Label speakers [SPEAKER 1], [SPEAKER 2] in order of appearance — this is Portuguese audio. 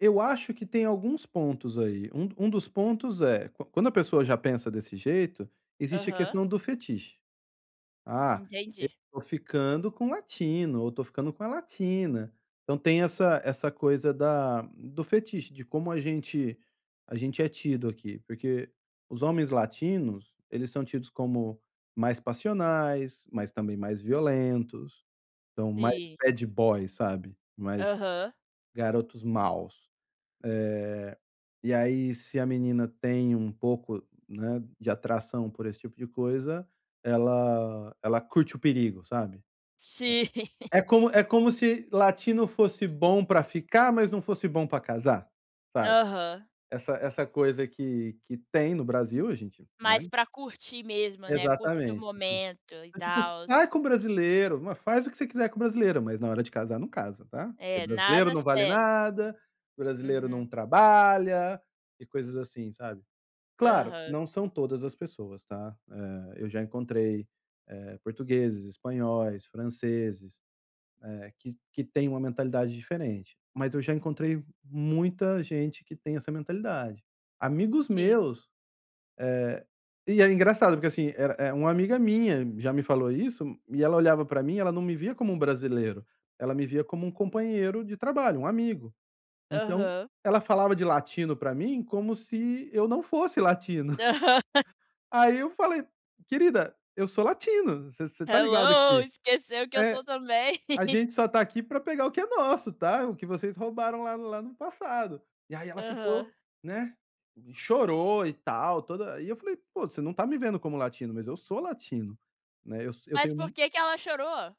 [SPEAKER 1] Eu acho que tem alguns pontos aí. Um um dos pontos é: quan quando a pessoa já pensa desse jeito, existe a
[SPEAKER 2] Aham.
[SPEAKER 1] questão do fetiche. "Ah,
[SPEAKER 2] Entendi.
[SPEAKER 1] eu tô ficando com o latino ou tô ficando com a latina." Então, tem essa essa coisa da do fetiche. De como a gente a gente é tido aqui. Porque os homens latinos eles são tidos como mais passionais, mas também mais violentos. Então, mais
[SPEAKER 2] Sim.
[SPEAKER 1] bad boy, sabe. Mais
[SPEAKER 2] Aham.
[SPEAKER 1] garotos maus. Eh, e aí se a menina tem um pouco né, de atração por esse tipo de coisa, ela ela curte o perigo, sabe.
[SPEAKER 2] Sim.
[SPEAKER 1] [unintelligible] É como é como se latino fosse bom para ficar, mas não fosse bom para casar, sabe.
[SPEAKER 2] Aham.
[SPEAKER 1] Essa essa coisa que que tem no Brasil. A gente né?
[SPEAKER 2] Mais para curtir mesmo, né. Curtir o
[SPEAKER 1] Exatamente. Tipo
[SPEAKER 2] momento, e
[SPEAKER 1] é tipo asim:
[SPEAKER 2] tals.
[SPEAKER 1] "Sai com brasileiro, m faz o que você quiser com brasileiro, mas na hora de casar, não casa, tá?". "Porque
[SPEAKER 2] É,
[SPEAKER 1] brasileiro
[SPEAKER 2] nada
[SPEAKER 1] não vale
[SPEAKER 2] sério.
[SPEAKER 1] nada. Brasileiro não
[SPEAKER 2] Uhum.
[SPEAKER 1] trabalha", e coisas assim, sabe. Claro,
[SPEAKER 2] Aham.
[SPEAKER 1] não são todas as pessoas, tá. Eh, eu já encontrei, eh, portugueses, espanhóis, franceses, eh, que que têm uma mentalidade diferente. Mas eu já encontrei muita gente que tem essa mentalidade. Amigos
[SPEAKER 2] Sim.
[SPEAKER 1] meus Eh e é engraçado porque assim, era era uma amiga minha já me falou isso. E ela olhava para mim, ela não me via como um brasileiro. Ela me via como um companheiro de trabalho, um amigo. Então,
[SPEAKER 2] Aham.
[SPEAKER 1] ela falava de latino pra mim como se eu não fosse latino.
[SPEAKER 2] Aham.
[SPEAKER 1] Aí, eu falei: "Querida, eu sou latino. Você você está ligada
[SPEAKER 2] "Hello!
[SPEAKER 1] que"
[SPEAKER 2] Esqueceu que eu sou
[SPEAKER 1] É.
[SPEAKER 2] também?".
[SPEAKER 1] "A gente só está aqui para pegar o que é nosso, tá. O que vocês roubaram lá no lá no passado". E aí ela
[SPEAKER 2] Aham.
[SPEAKER 1] ficou né, e chorou e tal, toda E aí, eu falei: "Pô, você não está me vendo como latino, mas eu sou latino, né. Eu so eu
[SPEAKER 2] Mas
[SPEAKER 1] tenho m".
[SPEAKER 2] por que que ela chorou?